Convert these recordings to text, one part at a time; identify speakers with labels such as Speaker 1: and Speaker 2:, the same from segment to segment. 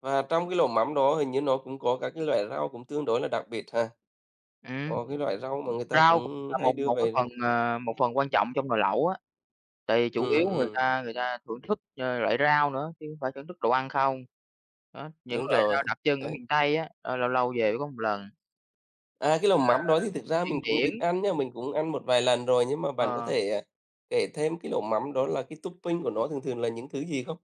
Speaker 1: Và trong cái lẩu mắm đó hình như nó cũng có các cái loại rau cũng tương đối là đặc biệt ha.
Speaker 2: Ừm.
Speaker 1: Có cái loại rau mà người ta
Speaker 2: Rau [unintelligible]
Speaker 1: cũng
Speaker 2: là
Speaker 1: hay
Speaker 2: một
Speaker 1: đưa
Speaker 2: một cái
Speaker 1: về
Speaker 2: phần,
Speaker 1: rau
Speaker 2: ờ, một phần quan trọng trong nồi lẩu á, tại vì chủ
Speaker 1: Ừm,
Speaker 2: yếu người
Speaker 1: ừm.
Speaker 2: ta người ta thưởng thức, ờ, loại rau nữa chứ hông phải thưởng thức đồ ăn không. Đó, những
Speaker 1: Đúng
Speaker 2: loại
Speaker 1: rồi.
Speaker 2: rau đặc trưng ở
Speaker 1: Đấy.
Speaker 2: miền Tây á, ơ, lâu lâu về mới có một lần.
Speaker 1: À, cái
Speaker 2: Như
Speaker 1: lẩu
Speaker 2: là
Speaker 1: mắm đó thì thực ra mình
Speaker 2: điên
Speaker 1: cũng ít
Speaker 2: điển.
Speaker 1: ăn nhá, mình cũng ăn một vài lần rồi, nhưng mà bạn có
Speaker 2: Ờ.
Speaker 1: thể, à, kể thêm cái lẩu mắm đó là cái topping của nó thường thường là những thứ gì không?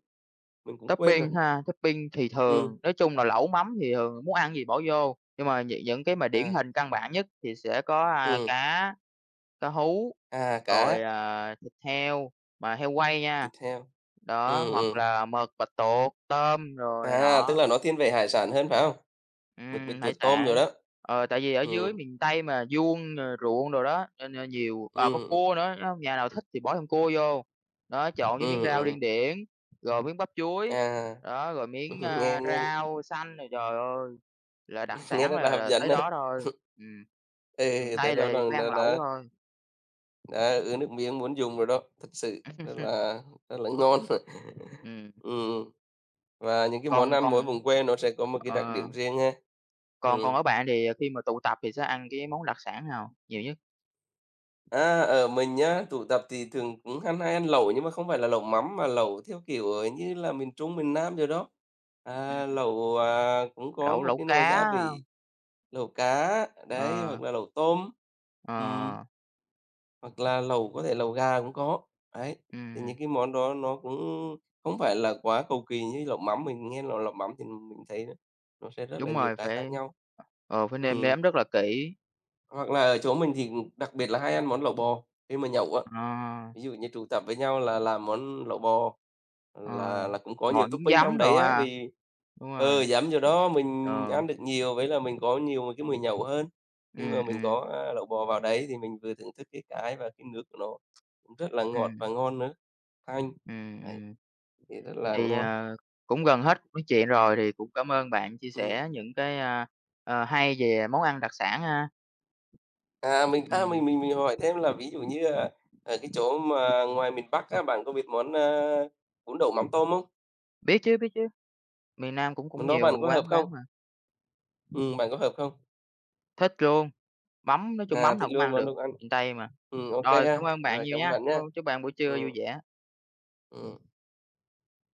Speaker 1: Mình cũng quên rồi.
Speaker 2: Topping ha? Topping thì
Speaker 1: Ừm.
Speaker 2: thường nói chung là lẩu mắm thì thường muốn ăn cái gì bỏ vô, nhưng mà nh những cái mà điển
Speaker 1: À.
Speaker 2: hình căn bản nhất thì sẽ có, a,
Speaker 1: Ừm.
Speaker 2: cá, cá hú,
Speaker 1: À,
Speaker 2: rồi,
Speaker 1: cá.
Speaker 2: à, thịt heo mà heo quay nha.
Speaker 1: Thịt heo.
Speaker 2: Đó,
Speaker 1: Ừm,
Speaker 2: hoặc
Speaker 1: ừm.
Speaker 2: là mực, bạch tuột, tôm đồ này
Speaker 1: À, tức
Speaker 2: nọ.
Speaker 1: là nó thiên về hải sản hơn, phải không? Mực, bạch
Speaker 2: Ừm, hải
Speaker 1: tuột, tôm đồ
Speaker 2: sản.
Speaker 1: đó.
Speaker 2: Ờ, tại vì ở dưới
Speaker 1: Ừm.
Speaker 2: miền Tây mà vuông, ờ, ruộng đồ đó, nên nên nhiều ờ,
Speaker 1: Ừm,
Speaker 2: có
Speaker 1: ừm.
Speaker 2: cua nữa nhá, nó hông nhà nào thích thì bỏ thêm cua vô. Đó, chọn
Speaker 1: Ừm,
Speaker 2: cái miếng
Speaker 1: ừm,
Speaker 2: rau
Speaker 1: ừm.
Speaker 2: điên điển, rồi miếng bắp chuối,
Speaker 1: À.
Speaker 2: đó, rồi miếng,
Speaker 1: Nghe
Speaker 2: a,
Speaker 1: nghe
Speaker 2: rau xanh rồi trời ơi là đặc
Speaker 1: Nghe
Speaker 2: sản
Speaker 1: rất là
Speaker 2: là
Speaker 1: hấp
Speaker 2: là
Speaker 1: dẫn
Speaker 2: tới
Speaker 1: á.
Speaker 2: đó thôi. Ừm. Miền
Speaker 1: Ê, thế
Speaker 2: Tây là
Speaker 1: đó
Speaker 2: về phải ăn lẩu
Speaker 1: [unintelligible]
Speaker 2: thôi.
Speaker 1: Ờ, ứa nước miếng muốn dùng rồi đó, thực sự rất là rất là ngon mà.
Speaker 2: Ừm.
Speaker 1: Ừm. Và những cái món
Speaker 2: Còn
Speaker 1: ăn mỗi
Speaker 2: còn
Speaker 1: vùng quê nó sẽ có một cái đặc
Speaker 2: ờ.
Speaker 1: điểm riêng ha.
Speaker 2: Còn còn
Speaker 1: Ừm.
Speaker 2: ở bạn thì, ờ, khi mà tụ tập thì sẽ ăn cái món đặc sản nào nhiều nhất?
Speaker 1: A, ở, mình á, tụ tập thì thường cũng ha hay ăn lẩu, nhưng mà không phải là lẩu mắm mà lẩu theo kiểu, ờ, như là miền Trung, miền Nam rồi đó. À,
Speaker 2: Ừm.
Speaker 1: lẩu, à, cũng có
Speaker 2: Lẩu
Speaker 1: một
Speaker 2: lẩu
Speaker 1: cái nồi
Speaker 2: cá
Speaker 1: gia vị,
Speaker 2: ha.
Speaker 1: lẩu cá, đấy,
Speaker 2: Ờ.
Speaker 1: hoặc là lẩu tôm. Ừm.
Speaker 2: Ờ.
Speaker 1: Hoặc là lẩu có thể lẩu gà cũng có. Đấy. Thì
Speaker 2: Ừm.
Speaker 1: những cái món đó nó cũng không phải là quá cầu kỳ như lẩu mắm, mình nghe là lẩu mắm thì mình thấy nó sẽ rất là
Speaker 2: Đúng
Speaker 1: nhiều
Speaker 2: rồi
Speaker 1: cái khác
Speaker 2: phải,
Speaker 1: nhau.
Speaker 2: ờ, phải nêm
Speaker 1: Ừm.
Speaker 2: nếm rất là kỹ.
Speaker 1: Hoặc là ở chỗ mình thì, ừm, đặc biệt là hay ăn món lẩu bò khi mà nhậu á,
Speaker 2: Ờ.
Speaker 1: ví dụ như tụ tập với nhau là làm món lẩu bò
Speaker 2: Ờ,
Speaker 1: là là cũng có
Speaker 2: bò
Speaker 1: nhiều
Speaker 2: nhúng
Speaker 1: topping trong
Speaker 2: giấm đồ
Speaker 1: đấy á,
Speaker 2: ha.
Speaker 1: vì,
Speaker 2: Đúng rồi.
Speaker 1: ờ, giảm do đó mình
Speaker 2: Ờ.
Speaker 1: ăn được nhiều, với là mình có nhiều, ờ, cái mồi nhậu hơn. Khi mà
Speaker 2: Ừm,
Speaker 1: mình
Speaker 2: ừm.
Speaker 1: có, a, lẩu bò vào đấy thì mình vừa thưởng thức cái cái và cái nước của nó cũng rất là ngọt và
Speaker 2: Ừm.
Speaker 1: ngon nữa, thanh.
Speaker 2: Ừm,
Speaker 1: Đấy.
Speaker 2: ừm.
Speaker 1: Thì rất là
Speaker 2: Thì,
Speaker 1: ngon.
Speaker 2: ờ, cũng gần hết cuộc nói chuyện rồi thì cũng cảm ơn bạn chia
Speaker 1: Ừm.
Speaker 2: sẻ những cái, a, ờ, hay về món ăn đặc sản ha.
Speaker 1: À, mình, a,
Speaker 2: Ừm.
Speaker 1: mình mình mình hỏi thêm là ví dụ như là ở cái chỗ mà ngoài miền Bắc á, bạn có biết món à bún đậu mắm tôm không?
Speaker 2: Biết chứ, biết chứ. Miền Nam cũng cũng
Speaker 1: Món đó
Speaker 2: nhiều
Speaker 1: bạn có hợp
Speaker 2: quán
Speaker 1: không?
Speaker 2: bán mà.
Speaker 1: Ừm, bạn có hợp không?
Speaker 2: Thích luôn. Mắm nói chung
Speaker 1: À,
Speaker 2: mắm
Speaker 1: thích
Speaker 2: nào cũng
Speaker 1: luôn
Speaker 2: ăn
Speaker 1: món
Speaker 2: được,
Speaker 1: đúc ăn.
Speaker 2: miền Tây mà.
Speaker 1: Ừm, OK
Speaker 2: Rồi,
Speaker 1: ha.
Speaker 2: cảm ơn bạn
Speaker 1: Rồi
Speaker 2: nhiều
Speaker 1: cảm ơn
Speaker 2: nha,
Speaker 1: bạn
Speaker 2: ơ,
Speaker 1: nhá.
Speaker 2: chúc bạn buổi trưa vui
Speaker 1: Ừm.
Speaker 2: vẻ.
Speaker 1: Ừm.